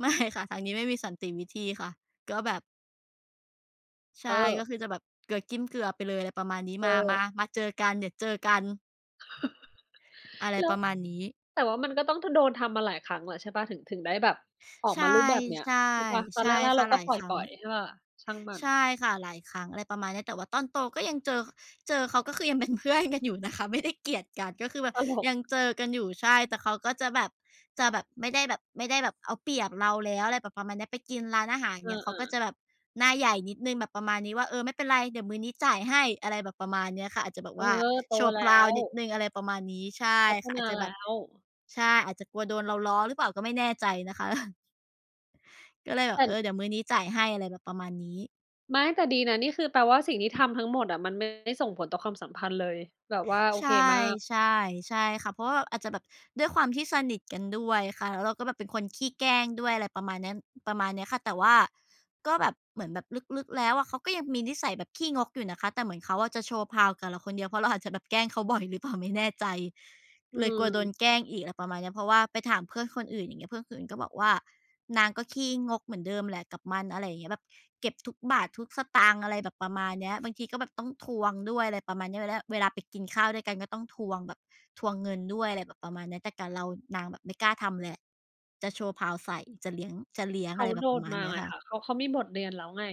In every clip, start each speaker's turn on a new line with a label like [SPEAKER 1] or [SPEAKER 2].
[SPEAKER 1] ไม่ค่ะ ทางนี้ไม่มีสันติวิธีค่ะ ก็แบบ ใช
[SPEAKER 2] เ
[SPEAKER 1] ่
[SPEAKER 2] ออ
[SPEAKER 1] ก็คือจะแบบ เกลือจิ้มเกลือไปเลย อะไรประมาณนี้
[SPEAKER 2] เ
[SPEAKER 1] มา มา
[SPEAKER 2] ออ
[SPEAKER 1] มาเจอกัน เดี๋ยวเจอกัน อะไร
[SPEAKER 2] แล้
[SPEAKER 1] ป
[SPEAKER 2] ว
[SPEAKER 1] ระมาณนี้
[SPEAKER 2] แต่ว่ามันก็ต้อง ท โดนทำมาหลายครั้งแล้วใช่เปล่า? ถึง ถึงได้แบบ ออ
[SPEAKER 1] ใ
[SPEAKER 2] ก
[SPEAKER 1] ช่
[SPEAKER 2] มารูปแบบเนี้ย
[SPEAKER 1] ใช่
[SPEAKER 2] ใช่เปล่า? ตอ
[SPEAKER 1] ใช
[SPEAKER 2] นแ
[SPEAKER 1] ่
[SPEAKER 2] รก
[SPEAKER 1] ค
[SPEAKER 2] ๆ
[SPEAKER 1] ่
[SPEAKER 2] เร
[SPEAKER 1] ะ
[SPEAKER 2] า
[SPEAKER 1] ห
[SPEAKER 2] ก็
[SPEAKER 1] ลาย
[SPEAKER 2] ปล
[SPEAKER 1] ครั้ง
[SPEAKER 2] ่อย ๆ ใช่เปล่า ช่างมั
[SPEAKER 1] ใช่
[SPEAKER 2] น
[SPEAKER 1] ค่ะ หลายครั้ง อะไรประมาณนี้ แต่ว่าตอนโตก็ยัง เจอ เจอเขา ก็คือ ยังเป็นเพื่อนกันอยู่นะคะ ไม่ได้เกลียดกัน ก็คือแบบ
[SPEAKER 2] ตลก
[SPEAKER 1] ยังเจอกันอยู่ ใช่ แต่เขาก็ จะแบบ จะแบบ ไม่ได้แบบ ไม่ได้แบบเอาเปรียบเราแล้ว อะไรแบบประมาณนี้ ไปกินร้านอาหาร อย
[SPEAKER 2] เ
[SPEAKER 1] ่า
[SPEAKER 2] อ
[SPEAKER 1] งเงี้ย เขาก็
[SPEAKER 2] อ ๆ
[SPEAKER 1] จะแบบ หน้าใหญ่นิดหนึ่ง แบบประมาณนี้ว่า เออ ไม่เป็นไร เดี๋ยวมื้อนี้จ่ายให้ อะไรแบบประมาณเนี้ยค่ะ อาจจะแบบ
[SPEAKER 2] เอ
[SPEAKER 1] ว
[SPEAKER 2] อ
[SPEAKER 1] ่า
[SPEAKER 2] โต
[SPEAKER 1] โชว์
[SPEAKER 2] แล
[SPEAKER 1] เพ
[SPEAKER 2] ้
[SPEAKER 1] าว์
[SPEAKER 2] ว
[SPEAKER 1] นิดหนึ่ง อะไรประมาณนี้ ใช่
[SPEAKER 2] พัฒ
[SPEAKER 1] ค่ะ
[SPEAKER 2] น
[SPEAKER 1] อา
[SPEAKER 2] า
[SPEAKER 1] จจะ
[SPEAKER 2] แ
[SPEAKER 1] แ
[SPEAKER 2] ล
[SPEAKER 1] บบ
[SPEAKER 2] ้ว
[SPEAKER 1] ใช่ อาจจะกลัวโดนเราล้อหรือเปล่าก็ไม่แน่ใจนะคะ ก็เลยแบ
[SPEAKER 2] เอ
[SPEAKER 1] บ
[SPEAKER 2] ิ้
[SPEAKER 1] เอ
[SPEAKER 2] น
[SPEAKER 1] อ เดี๋ยวมื้อนี้จ่ายให้ อะไรแบบประมาณนี้
[SPEAKER 2] ไม่ แต่ดีนะ นี่คือแปลว่าสิ่งที่ทำทั้งหมดอะ มันไม่ได้ส่งผลต่อความสัมพันธ์เลย แบบว่าโอ
[SPEAKER 1] ใช
[SPEAKER 2] เ
[SPEAKER 1] ่
[SPEAKER 2] คมาก
[SPEAKER 1] ใช่ ใช่ค่ะ เพราะว่าอาจจะแบบ ด้วยความที่สนิทกันด้วยค่ะ แล้วเราก็แบบเป็นคนขี้แกล้งด้วย อะไรประมาณเนี้ย ประมาณเนี้ยค่ะ แต่ว่าก็แบบ เหมือนแบบลึก ๆ แล้วอะ เขาก็ยังมีนิสัยแบบขี้งกอยู่นะคะ แต่เหมือนเขาอะจะโชว์เพาว์กับเราคนเดียว เพราะเราอาจจะแบบแกล้งเขาบ่อยหรือเปล่าไม่แน่ใจ
[SPEAKER 2] อื
[SPEAKER 1] เลยกลัวโดน
[SPEAKER 2] ม
[SPEAKER 1] แกล้งอีก อะไรประมาณเนี้ย เพราะว่าไปถามเพื่อนคนอื่น อย่างเงี้ย เพื่อนคนอื่นก็บอกว่า "นางก็ขี้งกเหมือนเดิมแหละกับมัน" อะไรอย่างเงี้ย แบบเก็บทุกบาททุกสตางค์ อะไรแบบประมาณเนี้ย บางทีก็แบบต้องทวงด้วย อะไรประมาณเนี้ย แล้ว แล้วเวลาไปกินข้าวด้วยกันก็ต้องทวงแบบ ทวงเงินด้วย อะไรแบบประมาณเนี้ย แต่กับเรานางแบบไม่กล้าทำแหละ จะโชว์เพาว์ใส่ จะเลี้ยง จะเลี้ยง
[SPEAKER 2] เข
[SPEAKER 1] อะ
[SPEAKER 2] า
[SPEAKER 1] ไรแบ
[SPEAKER 2] โด
[SPEAKER 1] บประ
[SPEAKER 2] น
[SPEAKER 1] มาณ
[SPEAKER 2] มา
[SPEAKER 1] เนี้ย
[SPEAKER 2] ไง
[SPEAKER 1] ค่ะ
[SPEAKER 2] ค่ะ เขา เขามีบทเรียนแล้วไง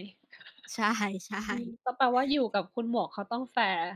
[SPEAKER 1] ใช่ ใช
[SPEAKER 2] อืม
[SPEAKER 1] ่
[SPEAKER 2] ก็แปลว่า อยู่กับคุณหมวกเขาต้องแฟร์